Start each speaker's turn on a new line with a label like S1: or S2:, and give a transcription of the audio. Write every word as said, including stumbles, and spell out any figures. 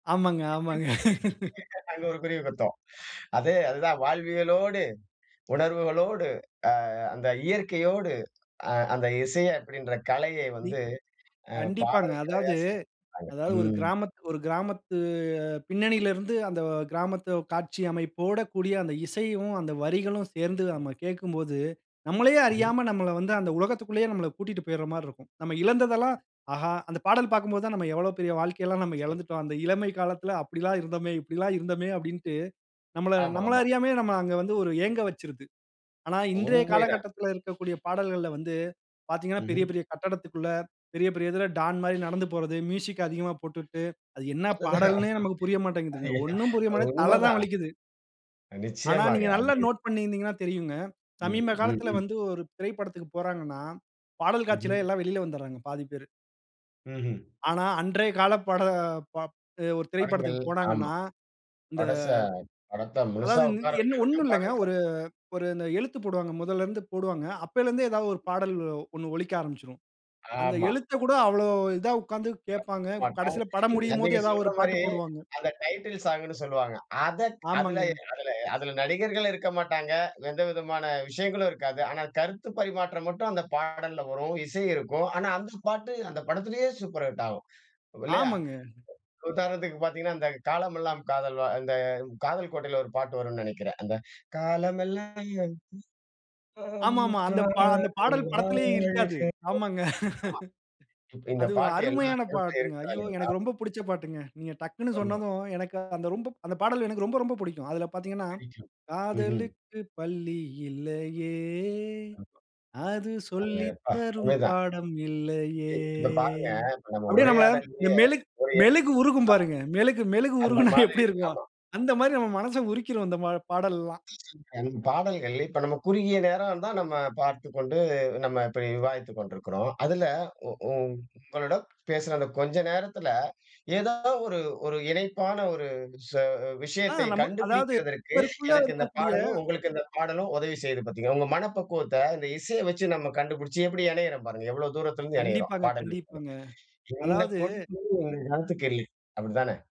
S1: ஆமாங்க ஆமாங்க.
S2: [unintelligible] அங்க ஒரு குருவி கத்தும். அது அதுதான் வாழ்வியலோடு, உணர்வுகளோடு, அ அந்த இயற்கையோடு, அ அந்த இசை அப்டின்ற கலையை
S1: நீ
S2: வந்து, அ
S1: கண்டிப்பாங்க.
S2: பாடல் கலையா
S1: அதாவது அதாவது
S2: சேர்த்துருக்காங்க,
S1: ஒரு
S2: ம்.
S1: கிராமத் கிராமத்து பின்னணியில இருந்து, அந்த கிராமத்து காட்சி அமைப்போடக்கூடிய அந்த இசையும், அந்த வரிகளும் சேர்ந்து, நம்ம கேக்கும்போது, நம்மளயே
S2: ம்ஹ்ம்.
S1: அறியாம நம்மள வந்து அந்த உலகத்துக்குள்ளயே, நம்மள கூட்டிட்டு போயிர்ர மாரி இருக்கும். நம்ம இழந்ததெல்லாம் ஆஹா! அந்த பாடல் பாக்கும்போது தான் "நம்ம எவ்ளோ பெரிய வாழ்க்கை எல்லாம் நம்ம
S2: சரி.
S1: இழந்துட்டோம். அந்த இளமை காலத்துல அப்டியெல்லாம் இருந்தோமே! இப்டி எல்லாம் இருந்தோமே!" அப்டின்னுட்டு நம்மள
S2: ஆமா
S1: நம்மள
S2: ஆமா.
S1: அறியாமலே நம்மள அங்க வந்து ஒரு ஏங்க வச்சுருது. ஆனா, இன்றய
S2: உண்மை தான்.
S1: காலகட்டத்துல இருக்கக்கூடிய பாடல்கள்ல வந்து, பாத்தீங்கன்னா பெரிய
S2: ம்ஹ்ம்.
S1: பெரிய கட்டிடத்துக்குள்ள, பெரிய பெரிய இதுல டான் மாரி நடந்து போறது, மியூசிக் அதிகமா போட்டுட்டு அது என்ன
S2: அதுதான்
S1: பாடல்னே நமக்கு புரிய மாட்டேங்குதுங்க.
S2: அதேதான்.
S1: ஒண்ணும் புரிய
S2: அ
S1: மாட்டுது, தல தான்
S2: உண்மதான்.
S1: வலிக்குது.
S2: அ
S1: ஆனா,
S2: நிச்சயமாக,
S1: நீங்க நல்லா
S2: அது
S1: நோட் பண்ணியிருந்தீங்கன்னா தெரியுங்க.
S2: ம்,
S1: சமீப காலத்துல
S2: ம்ஹ்ம்.
S1: வந்து ஒரு திரைப்படத்துக்கு போறாங்கன்னா, பாடல்
S2: ம்ஹ்ம்.
S1: காட்சில எல்லாம் வெளியில வந்துடுறாங்க, பாதி பேரு.
S2: ம்ஹ்ம்.
S1: ஆனா, அன்றய கால பட ப அ ஒரு
S2: படங்கள்
S1: திரைப்படத்துக்கு
S2: ஆமா.
S1: போனாங்கன்னா, இந்த
S2: படச படத்த முழுசா
S1: அதாவது இங்
S2: உக்கார
S1: என்ன
S2: வக்குறதுக்கு
S1: ஒண்ணும் இல்லங்க.
S2: பாடல்
S1: ஒரு
S2: பாதி.
S1: ஒரு இந்த எழுத்து போடுவாங்க. முதல்லருந்து போடுவாங்க. அப்பேலருந்து ஏதாவது ஒரு பாடல் ஒண்ணு ஒலிக்க ஆரம்பிச்சுரும். அந்த
S2: ஆமா.
S1: எழுத்தக் கூட அவ்ளோ இதுவா உக்காந்து
S2: [unintelligible]
S1: கேப்பாங்க.
S2: மாட்டோம்,
S1: கடசியில படம்
S2: அது
S1: முடியும்போது,
S2: நீங்க
S1: ஏதாவது
S2: சொல்ற
S1: ஒரு
S2: மாரி,
S1: பாட்டு போடுவாங்க.
S2: அந்த டைட்டில் சாங்குன்னு சொல்லுவாங்க. அதக் அதுல
S1: ஆமாங்க.
S2: அதுல அதுல நடிகர்களும் இருக்க மாட்டாங்க. எந்த விதமான விஷயங்களும் இருக்காது. ஆனா, கருத்து பரிமாற்றம் மட்டும் அந்த பாடல்ல வரும், இசை இருக்கும். ஆனா அந்த பாட்டு, அந்த படத்துலயே சூப்பர் ஹிட்டாகும், இல்லையா?
S1: ஆமாங்க.
S2: உதாரணத்துக்கு பாத்தீங்கன்னா, அந்த காலமெல்லாம் காதல் வா இந்த காதல் கோட்டையில ஒரு பாட்டு வரும்ன்னு நெனைக்குறேன். அந்த "காலம் எல்லாம்
S1: ஆமாமா. அந்த
S2: காதல்
S1: பா அந்த பாடல்
S2: வாழ்க"
S1: படத்துலயே இருக்காது,
S2: ஆமா.
S1: ஆமாங்க
S2: இப்ப இந்த
S1: அது ஒரு
S2: பாட்டு எல்லா
S1: அருமயான
S2: கருத்தும்
S1: பாட்டுங்க. ஐயோ!
S2: [unintelligible]
S1: எனக்கு ரொம்ப புடிச்ச பாட்டுங்க. நீங்க டக்ன்னு
S2: ஆமா.
S1: சொன்னதும், எனக்கு அந்த ரொம்ப அந்த பாடல் எனக்கு ரொம்ப ரொம்ப புடிக்கும். அதுல பாத்தீங்கன்னா,
S2: பிடிக்கும், ம்ஹ்ம்.
S1: "காதலுக்கு பள்ளி இல்லயே,
S2: ஆமா. அது
S1: அது சொல்லி
S2: எப்பா!
S1: தரும்
S2: உண்மை தான்.
S1: பாடம் இல்லயே"
S2: ஏ, இப்ப பாருங்க, இப்ப நம்ம
S1: அப்டியே நம்மள இந்த
S2: உரையாடல்லயே,
S1: மெழுக்
S2: ஒரு எண்
S1: மெழுகு உருகும் பாருங்க, மெழுகு
S2: ஆமா.
S1: மெழுகு
S2: அந்த
S1: உருகுனா
S2: மாதிரி
S1: எப்டி இருக்கும்?
S2: ஆமா
S1: அந்த மாரி நம்ம மனச உருக்கிரும் இந்த மாரி பாடலெல்லாம்.
S2: [unintelligible] இந்த பாடல்கள்ல, இப்ப நம்ம குறுகிய நேரம் தான், நம்ம பார்த்துக்கொண்டு நம்ம இப்டி விவாதித்துக் கொண்டிருக்கிறோம். அதுல உ உ உங்களோட பேசுன அந்த கொஞ்ச நேரத்துல, ஏதோ ஒரு ஒரு இணைப்பான ஒரு விஷய அ
S1: அ,
S2: விஷயத்தை
S1: நமக் அதாவது,
S2: கண்டுபிடிக்குறதற்கு,
S1: இவருக்குள்ள
S2: எனக்கு இந்த
S1: இருக்கக்கூடிய
S2: பாடலும் உங்களுக்கு இந்த பாடலும் உதவி செய்து பாத்தீங்களா? உங்க மனப்பக்குவத்த இந்த இசைய வெச்சு நம்ம கண்டுபிடிச்சு, எப்டி இணையிறோம் பாருங்க. எவ்ளோ தூரத்துலருந்து இணையிறோம்,
S1: கண்டிப்பாங்க
S2: பாடல்கள்
S1: கண்டிப்பாங்க.
S2: மூலம். இந்த
S1: அதாவது
S2: கொடுப்பினை இவர்கள் காலத்துக்கு இல்லங்க. அப்டி தானே?